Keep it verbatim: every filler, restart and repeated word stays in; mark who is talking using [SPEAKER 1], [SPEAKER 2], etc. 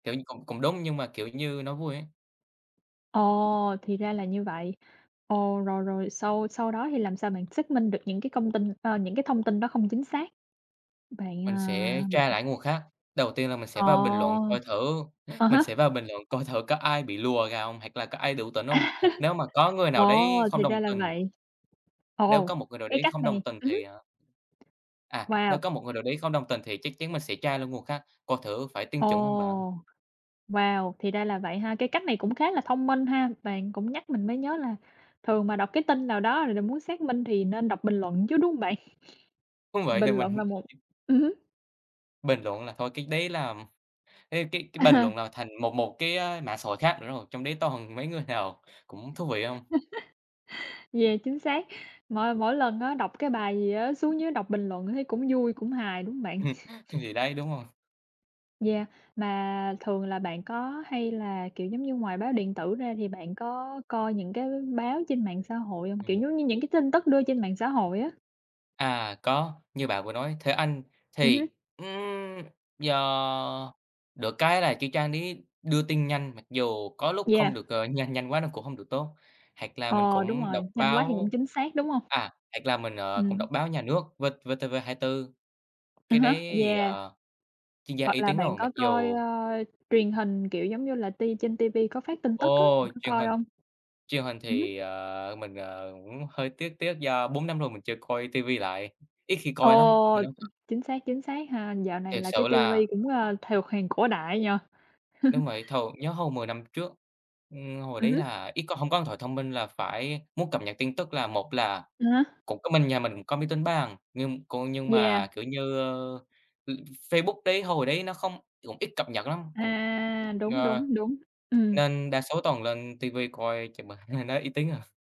[SPEAKER 1] Kiểu như, cũng cũng đúng, nhưng mà, kiểu như, nó vui ấy.
[SPEAKER 2] Ồ, thì ra là như vậy. Ồ, rồi, rồi sau sau đó thì làm sao bạn xác minh được những cái công tin ờ, những cái thông tin đó không chính xác? Bạn,
[SPEAKER 1] Mình
[SPEAKER 2] à,
[SPEAKER 1] sẽ
[SPEAKER 2] bạn
[SPEAKER 1] tra lại những nguồn khác. Đầu tiên là mình sẽ vào bình luận
[SPEAKER 2] Ồ!
[SPEAKER 1] coi thử
[SPEAKER 2] À
[SPEAKER 1] mình
[SPEAKER 2] há.
[SPEAKER 1] sẽ vào bình luận coi thử có ai bị lùa gà không hoặc là có ai đủ tỉnh không. Nếu mà có người nào đấy
[SPEAKER 2] Wow,
[SPEAKER 1] không
[SPEAKER 2] thì
[SPEAKER 1] đồng
[SPEAKER 2] ra là
[SPEAKER 1] tình
[SPEAKER 2] vậy!
[SPEAKER 1] Nếu
[SPEAKER 2] Ồ,
[SPEAKER 1] có một người nào
[SPEAKER 2] cái
[SPEAKER 1] đấy
[SPEAKER 2] cách
[SPEAKER 1] không
[SPEAKER 2] này
[SPEAKER 1] đồng tình
[SPEAKER 2] ừm hứm.
[SPEAKER 1] thì, ờ À,
[SPEAKER 2] Wow!
[SPEAKER 1] nếu có một người nào đấy không đồng tình thì chắc chắn mình sẽ tra luôn nguồn khác, coi thử phải tin chuẩn không bạn.
[SPEAKER 2] Ồ! Wow, thì ra là vậy ha. Cái cách này cũng khá là thông minh ha. Bạn cũng nhắc mình mới nhớ là thường mà đọc cái tin nào đó rồi là muốn xác minh thì nên đọc bình luận chứ, đúng không bạn?
[SPEAKER 1] Đúng vậy.
[SPEAKER 2] Bình
[SPEAKER 1] Thì
[SPEAKER 2] luận là
[SPEAKER 1] mình
[SPEAKER 2] một ừm hứm.
[SPEAKER 1] bình luận là thôi cái đấy là ừm, cái cái cái bình
[SPEAKER 2] À.
[SPEAKER 1] luận nào thành một một cái, ơ, mạng xã hội khác nữa rồi. Trong đấy toàn mấy người nào cũng thú vị không.
[SPEAKER 2] Yeah, chính xác. Mỗi mỗi lần á đọc cái bài gì á, xuống dưới đọc bình luận thấy cũng vui, cũng hài, đúng hông bạn?
[SPEAKER 1] Ừm. Thì đấy, đúng rồi.
[SPEAKER 2] Yeah, mà thường là bạn có hay là kiểu giống như, ngoài báo điện tử ra, thì bạn có coi những cái báo trên mạng xã hội hông? Kiểu
[SPEAKER 1] Ừm.
[SPEAKER 2] giống như những cái tin tức đưa trên mạng xã hội á.
[SPEAKER 1] À, có, như bạn vừa nói, Thế Anh
[SPEAKER 2] Ừm hứm.
[SPEAKER 1] thì, ừm, do được cái là cái trang đấy đưa tin nhanh. Mặc dù có lúc không
[SPEAKER 2] Yeah.
[SPEAKER 1] được ờ, nhanh nhanh quá nó cũng hông được tốt. Hoặc là mình
[SPEAKER 2] Ồ, đúng
[SPEAKER 1] cũng đọc
[SPEAKER 2] rồi. Nhanh quá thì không
[SPEAKER 1] báo
[SPEAKER 2] chính xác, đúng không?
[SPEAKER 1] à, hoặc là mình, ờ, cũng
[SPEAKER 2] Ừm.
[SPEAKER 1] đọc báo nhà nước V VTV24.
[SPEAKER 2] À
[SPEAKER 1] Cái đấy
[SPEAKER 2] há.
[SPEAKER 1] thì,
[SPEAKER 2] Yeah.
[SPEAKER 1] ờ, chuyên gia
[SPEAKER 2] Hoặc
[SPEAKER 1] uy
[SPEAKER 2] là
[SPEAKER 1] tín
[SPEAKER 2] bạn
[SPEAKER 1] rồi. Mặc
[SPEAKER 2] có coi,
[SPEAKER 1] dù
[SPEAKER 2] ờ, truyền hình, kiểu, giống như là ti trên ti vi có phát tin tức á,
[SPEAKER 1] Ồ,
[SPEAKER 2] bạn có
[SPEAKER 1] truyền
[SPEAKER 2] coi
[SPEAKER 1] hình.
[SPEAKER 2] không?
[SPEAKER 1] Truyền hình
[SPEAKER 2] Ừm hứm.
[SPEAKER 1] thì, ờ, mình, ờ, cũng hơi tiếc tiếc do bốn năm rồi mình chưa coi ti vi lại, it khi coi lắm.
[SPEAKER 2] Ồ!
[SPEAKER 1] Mình không
[SPEAKER 2] Ừm, chính xác, chính xác ha. Dạo này
[SPEAKER 1] Thiệt
[SPEAKER 2] là cái
[SPEAKER 1] sự
[SPEAKER 2] ti
[SPEAKER 1] là
[SPEAKER 2] vi cũng, à, thuộc hàng cổ đại nhỉ?
[SPEAKER 1] Đúng vậy. Thường nhớ hồi mười năm trước, ừm, hồi
[SPEAKER 2] Ừm
[SPEAKER 1] đấy
[SPEAKER 2] hứm.
[SPEAKER 1] là ít có hông có điện thoại thông minh là phải muốn cập nhật tin tức là, một là
[SPEAKER 2] À há.
[SPEAKER 1] cũng có mình nhà mình cũng có máy tính bàn. Nhưng có nhưng mà,
[SPEAKER 2] Yeah.
[SPEAKER 1] kiểu như, ơ, [unintelligible] Facebook đấy, hồi đấy nó không cũng ít cập nhật lắm. Cũng
[SPEAKER 2] À, đúng,
[SPEAKER 1] ờ,
[SPEAKER 2] đúng, đúng. Ừm.
[SPEAKER 1] nên đa số toàn lên ti vi coi [unintelligible] nó uy tín hơn.